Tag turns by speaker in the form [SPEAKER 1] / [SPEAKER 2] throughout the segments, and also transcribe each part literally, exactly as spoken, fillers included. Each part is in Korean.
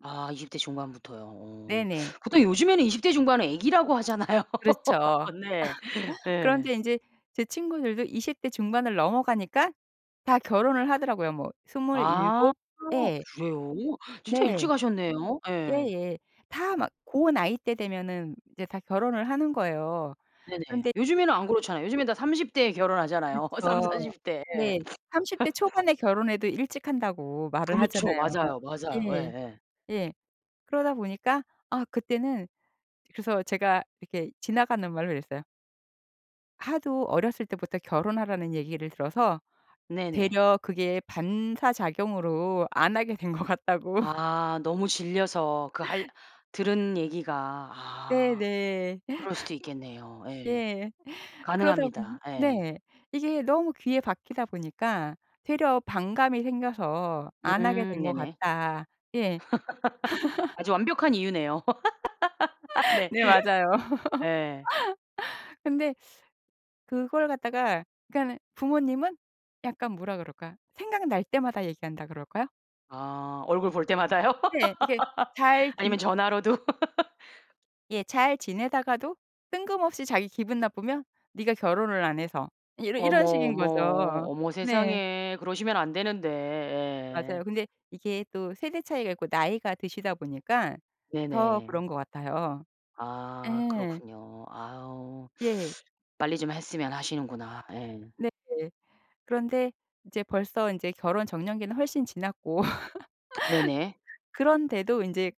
[SPEAKER 1] 아 이십 대 중반부터요. 어.
[SPEAKER 2] 네네.
[SPEAKER 1] 보통 요즘에는 이십 대 중반은 애기라고 하잖아요.
[SPEAKER 2] 그렇죠.
[SPEAKER 1] 네. 예.
[SPEAKER 2] 그런데 인제 제 친구들도 이십 대 중반을 넘어 가니까 다 결혼을 하더라고요. 뭐
[SPEAKER 1] 아
[SPEAKER 2] 스물일곱? 예.
[SPEAKER 1] 그래요? 진짜
[SPEAKER 2] 네.
[SPEAKER 1] 일찍 하셨네요. 예.
[SPEAKER 2] 예예. 다 막 고 나이 때 되면은 이제 다 결혼을 하는 거예요.
[SPEAKER 1] 네네.
[SPEAKER 2] 근데 이제
[SPEAKER 1] 요즘에는 안 그렇잖아요. 요즘에는 다 삼십 대에 결혼하잖아요,
[SPEAKER 2] 그렇죠.
[SPEAKER 1] 삼사십 대에.
[SPEAKER 2] 네. 삼십 대 초반에 결혼해도 일찍 한다고 말을
[SPEAKER 1] 그렇죠.
[SPEAKER 2] 하잖아요.
[SPEAKER 1] 맞아요, 맞아요.
[SPEAKER 2] 예.
[SPEAKER 1] 예예.
[SPEAKER 2] 예. 그러다 보니까 아 그때는 그래서 제가 이렇게 지나가는 말로 이랬어요. "하도 어렸을 때부터 결혼하라는 얘기를 들어서
[SPEAKER 1] 네네.
[SPEAKER 2] 되려 그게 반사 작용으로 안 하게 된 것 같다."고
[SPEAKER 1] 아. 너무 질려서 그 할 들은 얘기가. 아.
[SPEAKER 2] 네네.
[SPEAKER 1] 그럴 수도 있겠네요 예.
[SPEAKER 2] 예. 그러다 보니
[SPEAKER 1] 가능합니다 예.
[SPEAKER 2] 네. '이게 너무 귀에 박히다 보니까 되려 반감이 생겨서 안 하게
[SPEAKER 1] 음.
[SPEAKER 2] 된 것
[SPEAKER 1] 네네.
[SPEAKER 2] 같다.' 예.
[SPEAKER 1] 아주 완벽한 이유네요. 네.
[SPEAKER 2] 네. 맞아요.
[SPEAKER 1] 예.
[SPEAKER 2] 근데 그걸 갖다가 그러니까는 부모님은 약간 뭐라 그럴까? 생각날 때마다 얘기한다 그럴까요?
[SPEAKER 1] 아 얼굴 볼 때마다요?
[SPEAKER 2] 네. 이렇게 잘 지내
[SPEAKER 1] 아니면 전화로도.
[SPEAKER 2] 예. 잘 지내다가도 뜬금없이 자기 기분 나쁘면 "네가 결혼을 안 해서." 이러
[SPEAKER 1] 어머,
[SPEAKER 2] 이런 식인
[SPEAKER 1] 어머.
[SPEAKER 2] 거죠.
[SPEAKER 1] 어머
[SPEAKER 2] 네.
[SPEAKER 1] 세상에. 그러시면 안 되는데.
[SPEAKER 2] 맞아요.
[SPEAKER 1] 예.
[SPEAKER 2] 근데 이게 또 세대 차이가 있고 나이가 드시다 보니까 더
[SPEAKER 1] 네네.
[SPEAKER 2] 그런 것 같아요.
[SPEAKER 1] 아.
[SPEAKER 2] 예.
[SPEAKER 1] 그렇군요. 아유.
[SPEAKER 2] 예.
[SPEAKER 1] 빨리 좀 했으면 하시는구나. 예.
[SPEAKER 2] 네. 그런데 이제 벌써 인제 결혼 적령기는 훨씬 지났고
[SPEAKER 1] 네네.
[SPEAKER 2] 그런데도 인제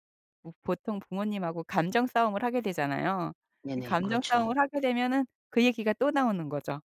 [SPEAKER 2] 뭐 보통 부모님하고 감정 싸움을 하게 되잖아요. 이
[SPEAKER 1] 네네.
[SPEAKER 2] 감정
[SPEAKER 1] 그렇죠.
[SPEAKER 2] 싸움을 하게 되면은 그 얘기가 또 나오는 거죠.